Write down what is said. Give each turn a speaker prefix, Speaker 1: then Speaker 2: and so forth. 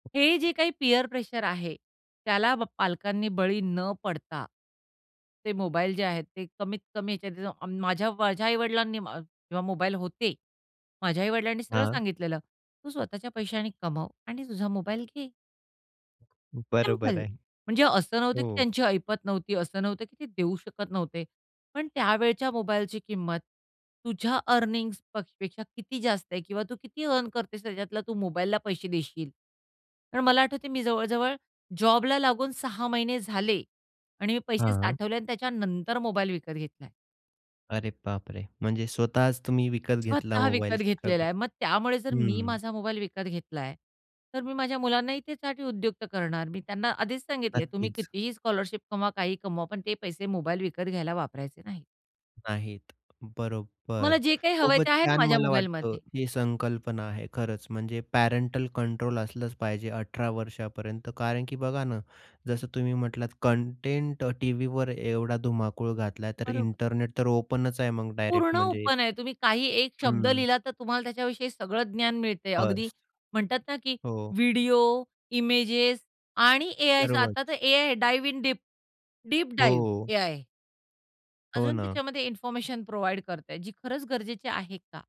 Speaker 1: हे जे काही पियर प्रेशर आहे, त्याला ब पालकांनी बळी न पडता, ते मोबाईल जे आहेत ते कमीत-कमी ह्याच्यात माझ्या माझ्या आई-वडिलांनी, जेव्हा मोबाईल होते माझ्या आई-वडिलांनी सरळ
Speaker 2: हां.
Speaker 1: सांगितलेलं, "तू स्वतःच्या पैशाने कमाव आणि तुझा मोबाईल घे." सिंपल.
Speaker 2: बरोबर आहे.
Speaker 1: म्हणजे असं नव्हतं की
Speaker 2: हो.
Speaker 1: त्यांची ऐपत नव्हती, असं नव्हतं की ते देऊ शकत नव्हते. पण त्यावेळच्या मोबाईलची किंमत तुझ्या अर्निंग्जपेक्षा किती जास्त आहे किंवा तू किती अर्न करतेस त्याच्यातला, तू मोबाईलला पैसे देशील. कारण मला आठवतंय मी जवळ-जवळ जॉबला लागून 6 महिने झाले आणि मी पैसे
Speaker 2: हां.
Speaker 1: साठवले आणि त्याच्यानंतर मोबाईल विकत घेतलाय.
Speaker 2: अरे बापरे! म्हणजे स्वतःच तुम्ही विकत घेतला
Speaker 1: स्वतः विकत
Speaker 2: मोबाईल.
Speaker 1: घेतलेला
Speaker 2: स्ट्रगल
Speaker 1: आहे. मग त्यामुळे जर मी
Speaker 2: हं.
Speaker 1: माझा मोबाईल विकत घेतलाय, तर मी माझ्या मुलांनाही त्यासाठी उदयुक्त करणार. मी त्यांना आधीच सांगितले तुम्ही
Speaker 2: नक्कीच.
Speaker 1: कितीही स्कॉलरशिप कमवा, काहीही कमवा, पण ते पैसे मोबाईल विकत घ्यायला वापरायचे नाहीत.
Speaker 2: नाहीत
Speaker 1: मला
Speaker 2: बरोबर.
Speaker 1: जे काही हवंय
Speaker 2: खूपच
Speaker 1: ते आहे ना
Speaker 2: छान
Speaker 1: माझ्या
Speaker 2: मला वाटतं
Speaker 1: मोबाईलमध्ये.
Speaker 2: ही संकल्पना आहे. खरंच म्हणजे पॅरेंटल कंट्रोल असलंच पाहिजे 18 वर्षापर्यंत कारण की बघा ना, जसं तुम्ही म्हटलात, कंटेंट अ, टीव्हीवर एवढा धुमाकूळ घातला तर
Speaker 1: बरोबर.
Speaker 2: इंटरनेट तर ओपनच आहे मग
Speaker 1: पूर्ण
Speaker 2: डायरेक्ट म्हणजे
Speaker 1: ओपन आहे. तुम्ही काही एक
Speaker 2: हं,
Speaker 1: शब्द
Speaker 2: हं.
Speaker 1: लिहिला तर तुम्हाला त्याच्याविषयी सगळं ज्ञान मिळतंय अगदी,
Speaker 2: फर्स्ट.
Speaker 1: म्हणतात ना की
Speaker 2: हो.
Speaker 1: व्हिडिओ, इमेजेस आणि एआयचा आता तर
Speaker 2: सर्वच.
Speaker 1: एआय आहे डाइव्ह इन डीप, डीप
Speaker 2: हो,
Speaker 1: डाइव्ह
Speaker 2: हो.
Speaker 1: एआय.
Speaker 2: हो
Speaker 1: अजून
Speaker 2: ना.
Speaker 1: त्याच्यामध्ये इन्फॉर्मेशन प्रोव्हाईड करताय जी खरंच गरजेची आहे का?